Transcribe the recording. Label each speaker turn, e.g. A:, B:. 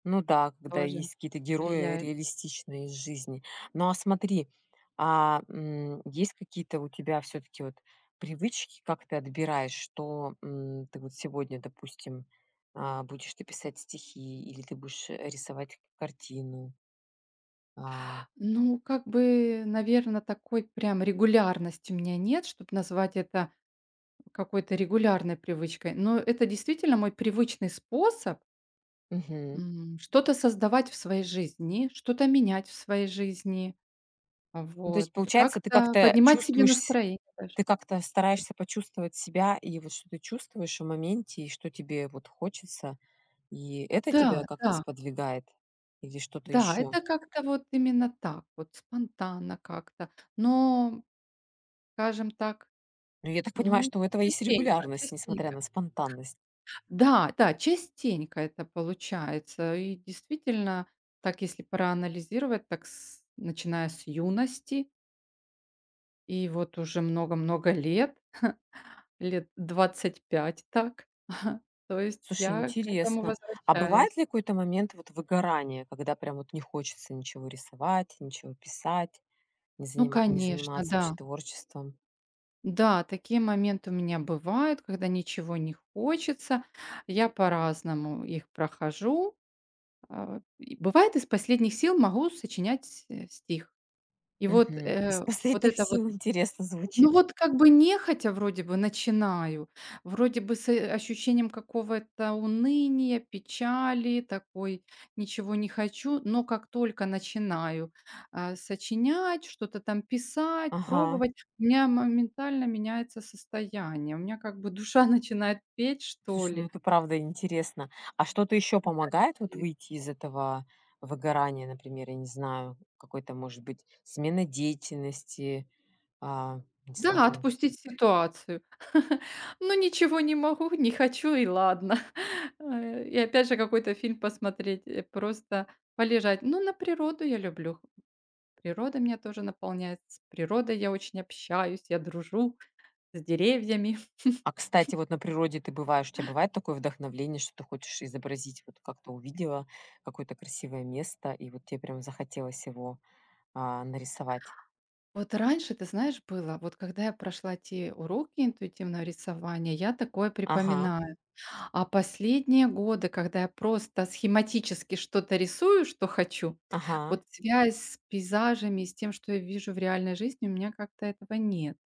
A: Ну да, когда
B: Тоже
A: есть какие-то герои
B: влияет.
A: реалистичные из жизни. Но а смотри, а, м, есть какие-то у тебя всё-таки вот привычки, как ты отбираешь, что, м, ты вот сегодня, допустим, а, будешь ты писать стихи или ты будешь, э, рисовать к картину? А.
B: Ну как бы, наверно, такой прям регулярности у меня нет, чтоб назвать это какой-то регулярной привычкой. Но это действительно мой привычный способ
A: Мгм.
B: м, что-то создавать в своей жизни, что-то менять в своей жизни,
A: Ну то
B: вот,
A: есть получается, ты
B: как-то
A: как-то
B: поднимать себе
A: чувствуешь с
B: настроение даже.
A: Ты как-то стараешься почувствовать себя, и вот что ты чувствуешь в моменте, и что тебе вот хочется, и это
B: Да,
A: тебя как-то
B: да.
A: сподвигает? Или что-то
B: Да,
A: ещё?
B: это как-то вот именно так вот спонтанно как-то, но, скажем так,
A: Ну, я так понимаю,
B: ну
A: что у этого есть
B: частенько,
A: регулярность, несмотря
B: частенько.
A: на спонтанность.
B: Да, да частенько это получается. И действительно, так, если проанализировать, так с начиная с юности. И вот уже много-много лет, лет 25, так, то есть
A: Слушай,
B: я к этому
A: интересно, а
B: возвращаюсь.
A: бывает ли какой-то момент вот выгорания, когда прям вот не хочется ничего рисовать, ничего писать, не
B: Ну
A: занима не
B: конечно,
A: заниматься вообще
B: да.
A: творчеством?
B: Да, такие моменты у меня бывают, когда ничего не хочется. Я по-разному их прохожу. Э, и бывает, из последних сил могу сочинять, э, стих. И вот,
A: Мгм. "Из
B: э, вот
A: последних
B: это вот
A: сил" интересно
B: Ну
A: звучит.
B: вот как бы нехотя вроде бы начинаю, вроде бы с, э, ощущением какого-то уныния, печали такой, ничего не хочу, но как только начинаю, э, сочинять, что-то там писать,
A: Ага.
B: пробовать, у меня моментально меняется состояние, у меня как бы душа начинает петь что
A: Слушай, ну
B: ли.
A: это правда интересно. А что-то ещё
B: [unintelligible]
A: помогает вот
B: Скорее.
A: выйти из этого выгорания? Например, я не знаю, какой-то может быть смена деятельности? А не
B: Да,
A: знаю.
B: отпустить ситуацию. Ну ничего не могу, не хочу и ладно. Э, и опять же какой-то фильм посмотреть, э просто полежать. Ну, на природу я люблю Природа меня тоже наполняет. С природой я очень общаюсь, я дружу с деревьями.
A: А кстати вот на природе ты бываешь, у тя бывает такое вдохновление, что ты хочешь изобразить, вот как-то увидела какое-то красивое место, и вот те прям захотелось его, а, нарисовать?
B: Вот раньше, ты знаешь, было, вот когда я прошла те уроки интуитивного рисования, я такое
A: Ага.
B: припоминаю. А последние годы, когда я просто схематически что-то рисую, что хочу,
A: Ага.
B: вот связь с пейзажами, с тем, что я вижу в реальной жизни, у меня как-то этого нет.